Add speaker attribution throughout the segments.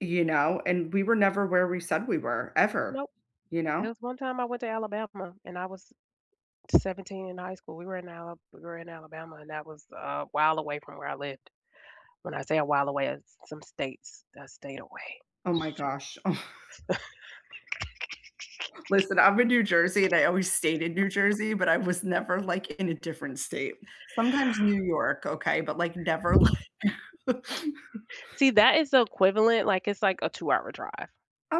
Speaker 1: You know, and we were never where we said we were ever,
Speaker 2: Nope.
Speaker 1: you
Speaker 2: There
Speaker 1: know?
Speaker 2: was one time I went to Alabama, and I was 17 in high school. We were in Al we were in Alabama, and that was a while away from where I lived. When I say a while away, it's some states I stayed away,
Speaker 1: Oh my
Speaker 2: so
Speaker 1: gosh. Listen, I'm in New Jersey and I always stayed in New Jersey, but I was never like in a different state. Sometimes New York, okay, but, like, never, like
Speaker 2: See, that is the equivalent, like, it's like a two-hour drive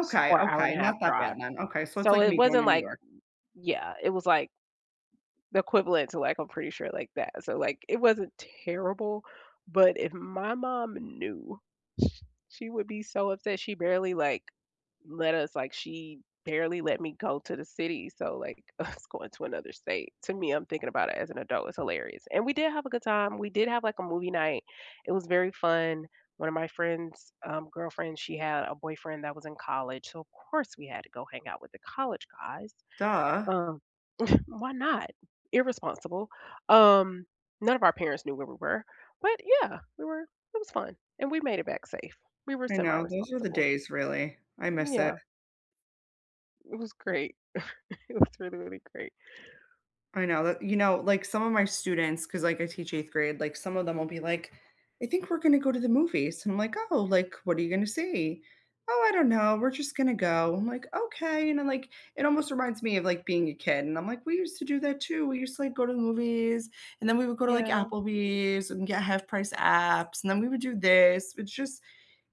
Speaker 2: s or
Speaker 1: okay. Not
Speaker 2: hour-and-a-half
Speaker 1: that bad
Speaker 2: drive.
Speaker 1: then. Okay, so it's
Speaker 2: So
Speaker 1: like
Speaker 2: it
Speaker 1: me going
Speaker 2: wasn't
Speaker 1: to New
Speaker 2: like
Speaker 1: York.
Speaker 2: yeah, it was like the equivalent to like, I'm pretty sure like that. So like it wasn't terrible, but if my mom knew, sh she would be so upset. She barely, like, let us, like she barely let me go to the city, so, like, us going to another state. To me, I'm thinking about it as an adult, it's hilarious. And we did have a good time. We did have like a movie night. It was very fun. One of my friend's, um, girlfriend, she had a boyfriend that was in college, so of course we had to go hang out with the college guys.
Speaker 1: Duh!
Speaker 2: Um, why not? Irresponsible. Um, none of our parents knew where we were, but yeah, we were it was fun, and we made it back safe. We were
Speaker 1: I know, those were the
Speaker 2: semi-responsible.
Speaker 1: days, really. I miss it.
Speaker 2: Yeah. It was great. It was really, really great.
Speaker 1: I know that you know, like, some of my students, 'cause, like, I teach 8th grade, like, some of them will be like, "I think we're gonna go to the movies," and I'm like, "Oh, like, what are you gonna see?" "Oh, I don't know, we're just gonna go. I'm like, "Okay," you know, like, it almost reminds me of, like, being a kid, and I'm like, "We used to do that too. We used to, like, go to the movies, and then we would go to like
Speaker 2: Yeah.
Speaker 1: Applebee's and get half-price apps, and then we would do this." It's just,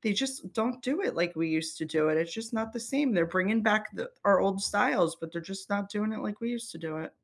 Speaker 1: they just don't do it like we used to do it. It's just not the same. They're bringing back the our old styles, but they're just not doing it like we used to do it.